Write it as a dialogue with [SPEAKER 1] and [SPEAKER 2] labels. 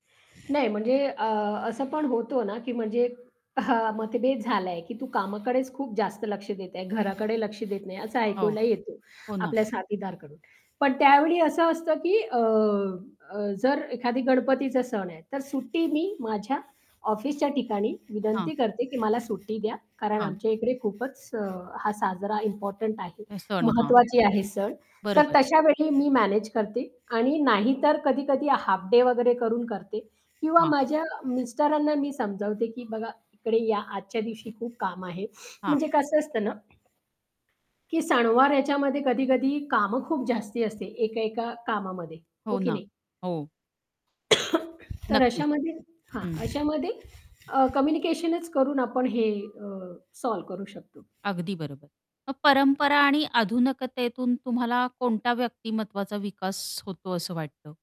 [SPEAKER 1] नाही म्हणजे अ, असं पण होतं ना, की म्हणजे हां. मतभेद झाला आहे, की तू कामाकडेच खूप जास्त लक्ष देत आहे, घराकडे लक्ष देत नाही असं
[SPEAKER 2] हो.
[SPEAKER 1] ऐकायला येतो,
[SPEAKER 2] हो ना.
[SPEAKER 1] आपल्या साथीदार कडून. पण त्यावेळी असं असतं, की अ, जर एखादी गणपतीचा सण आहे, तर सुट्टी मी माझ्या ऑफिसच्या ठिकाणी
[SPEAKER 2] हां.
[SPEAKER 1] विनंती करते, की मला सुट्टी द्या कारण
[SPEAKER 2] हां.
[SPEAKER 1] आमच्या इकडे खूपच अ, हा साजरा इम्पोर्टंट आहे
[SPEAKER 2] हे सण हां.
[SPEAKER 1] महत्वाची आहे सण. तर
[SPEAKER 2] बरोबर.
[SPEAKER 1] तशा वेळी मी मॅनेज करते आणि नाही तर कधी-कधी हाफ डे वगैरे करून करते किंवा
[SPEAKER 2] हां.
[SPEAKER 1] माझ्या मिस्टरांना मी समजावते, की बघा इकडे या आजच्या दिवशी खूप काम आहे
[SPEAKER 2] हां.
[SPEAKER 1] म्हणजे कसं असतं ना, की सणवार याच्यामध्ये कधी-कधी कामं खूप जास्ती असते, एका-एका कामामध्ये, हो
[SPEAKER 2] हो
[SPEAKER 1] की
[SPEAKER 2] ना,
[SPEAKER 1] नाही?
[SPEAKER 2] हो.
[SPEAKER 1] तर
[SPEAKER 2] नक्कीच.
[SPEAKER 1] अशामध्ये हां.
[SPEAKER 2] हं.
[SPEAKER 1] अशामध्ये अ, कम्युनिकेशनच करून आपण हे अ, सॉल्व्ह करू शकतो.
[SPEAKER 2] अगदी बरोबर. मग परंपरा आणि आधुनिकतेतून तुम्हाला कोणत्या व्यक्तिमत्वाचा विकास होतो असं वाटतं?